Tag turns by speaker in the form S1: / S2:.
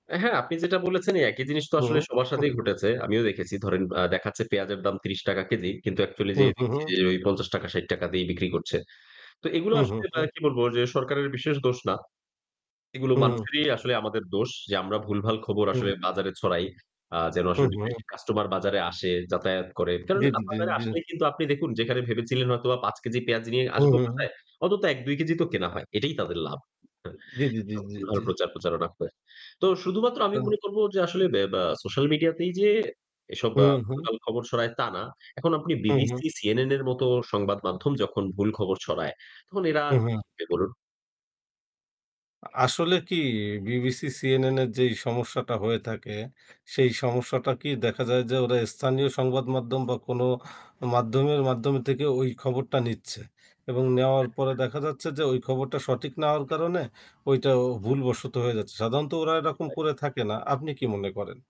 S1: আ হ্যাঁ, আপনি যেটা বলেছেন একই জিনিস তো
S2: হু,
S1: আসলে সবার
S2: হু।
S1: সাথেই ঘটেছে। আমিও দেখেছি ধরেন আ দেখাচ্ছে পেঁয়াজের দাম ৳৩০ কেজি। কিন্তু অ্যাকচুয়ালি
S2: হু,
S1: যে
S2: হু,
S1: দেখছি
S2: হু।
S1: যে ওই ৳৫০, ৳৬০ দিয়েই বিক্রি করছে। তো এগুলো
S2: হু, হু,
S1: আসলে এ
S2: হু।
S1: কি বলব যে সরকারের বিশেষ দোষ না। এগুলো
S2: হুম, হুম।
S1: মানুষেরই আসলে আমাদের দোষ যে আমরা ভুলভাল খবর আসলে
S2: হুম।
S1: বাজারে ছড়াই। আ যেন
S2: হু,
S1: আসলে বেশি, বেশ
S2: হু।
S1: কাস্টমার বাজারে আসে, যাতায়াত করে। কারণ
S2: জ্বী, জ্বী, জ্বী,
S1: বাজারে
S2: জ্বী।
S1: আসলেই কিন্তু আপনি দেখুন যেখানে ভেবেছিলেন হয়তোবা ৳৫ কেজি পেঁয়াজ নিয়ে
S2: হু,
S1: আসব
S2: হু।
S1: বাসায় অন্তত ১, ২ কেজি তো কেনা হয়। এটাই তাদের লাভ।
S2: জ্বী, জ্বী, জ্বী, জ্বী,
S1: ভুলভাল
S2: জ্বী।
S1: প্রচার প্রচারণা করে। তো শুধুমাত্র আমি
S2: তো
S1: মনে করব যে আসলে বে বে সোশ্যাল মিডিয়াতেই যে এসব
S2: হুম, হুম।
S1: ভুলভাল খবর ছড়ায় তা না। এখন আপনি
S2: হু, হু।
S1: বিবিসি, সিএনএন এর মতো সংবাদ মাধ্যম যখন ভুল খবর ছড়ায়, তখন এরা
S2: হু,
S1: আর
S2: হু।
S1: কি শিখবে বলুন?
S2: আসলে কি বিবিসি, সিএনএ এর যেই সমস্যাটা হয়ে থাকে সেই
S1: জি।
S2: সমস্যাটা কি দেখা যায় যে ওরা স্থানীয় সংবাদ মাধ্যম বা কোনো মাধ্যমের মাধ্যম থেকে ওই খবরটা নিচ্ছে এবং নেওয়ার
S1: হ্যাঁ,
S2: পরে
S1: হ্যাঁ।
S2: দেখা যাচ্ছে যে ওই খবরটা সঠিক না হওয়ার কারণে ওইটা ভুলবশত হয়ে যাচ্ছে। সাধারণত ওরা এরকম
S1: সেটাই।
S2: করে থাকে না আপনি কী মনে করেন?